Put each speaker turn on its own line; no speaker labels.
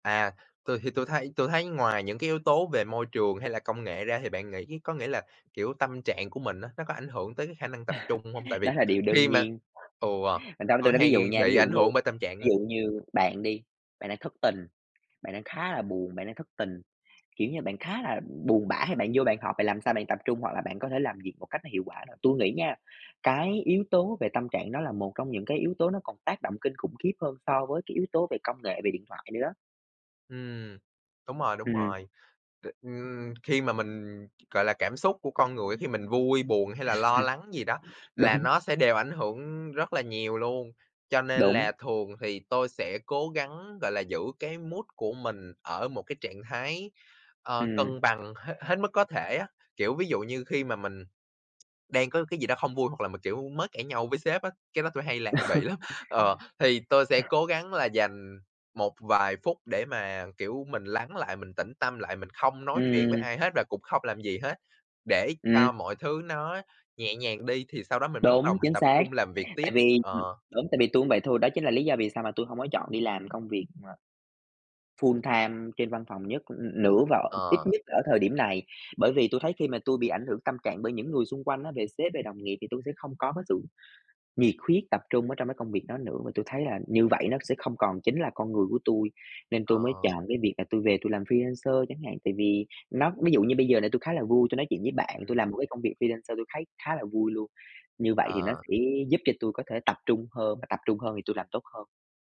À. Tui thì tui thấy tui thấy ngoài những cái yếu tố về môi trường, hay là công nghệ ra thì bạn nghĩ có nghĩa là, kiểu, tâm trạng của mình á nó có ảnh hưởng tới cái khả năng tập trung hông? Tại vì
Đó là điều đơn
khi mà
nhiên.
ừ,
Bạn đâu để tôi
tui
nói ví
hay
dụ nha, ví
bị
dụ
ảnh
như
hưởng bởi tâm trạng
ví
á.
dụ như bạn đi, bạn đang thất tình, bạn đang khá là buồn, bạn đang thất tình, kiểu như, bạn khá là buồn bã hay bạn vô bạn họp, bạn làm sao bạn tập trung, hoặc là bạn có thể làm việc một cách hiệu quả được. Tui nghĩ nha, cái yếu tố về tâm trạng đó là một trong những cái yếu tố nó còn tác động kinh khủng khiếp hơn so với cái yếu tố về công nghệ, về điện thoại nữa đó.
Ừm. Đúng rồi, đúng
Ừm.
rồi. T Ừm, khi mà mình, gọi là, cảm xúc của con người á khi mình vui, buồn, hay là lo lắng gì đó, là
Đúng.
nó sẽ đều ảnh hưởng rất là nhiều luôn. Cho nên
Đúng.
là thường thì tôi sẽ cố gắng, gọi là, giữ cái mood của mình ở một cái trạng thái, ờ,
Ừm.
cân bằng hê hết mức có thể á. Kiểu, ví dụ như khi mà mình đang có cái gì đó hông vui hoặc là mà, kiểu, mới cãi nhau với sếp á, cái đó tôi hay lại
Đó.
bị lắm, ờ, thì tôi sẽ cố gắng là dành một vài phút để mà, kiểu, mình lắng lại, mình tĩnh tâm lại, mình không nói chuyện với
Ừm.
ai hết và cũng không làm gì hết, để cho
Ừm.
mọi thứ nó nhẹ nhàng đi thì sau đó mình mới bắt
Đúng,
đầu mình
chính
tập
xác.
trung làm việc tiếp.
Tại vì, ừm
Ờ.
đúng, tại vì tui cũng vậy thôi, đó chính là lý do vì sao mà tui hông có chọn đi làm công việc mà full-time trên văn phòng nhất, ưm, nữa và ít
Ờ.
nhất ở thời điểm này, bởi vì tui thấy khi mà tôi bị ảnh hưởng tâm trạng bởi những người xung quanh á, về sếp, về đồng nghiệp thì tui sẽ không có cái sự nhiệt huyết, tập trung ở trong cái công việc đó nữa và tui thấy là như vậy nó sẽ không còn chính là con người của tui. Nên tôi mới
Ờ.
chọn cái việc là tôi về tôi làm freelancer chẳng hạn, tại vì nó ví dụ như bây giờ là tui khá là vui, tui nói chuyện với bạn,
Ừm.
tui làm một cái công việc freelancer, tui thấy khá là vui luôn. Như vậy thì nó
Ờ.
sẽ giúp cho tôi có thể tập trung hơn và tập trung hơn thì tui làm tốt hơn.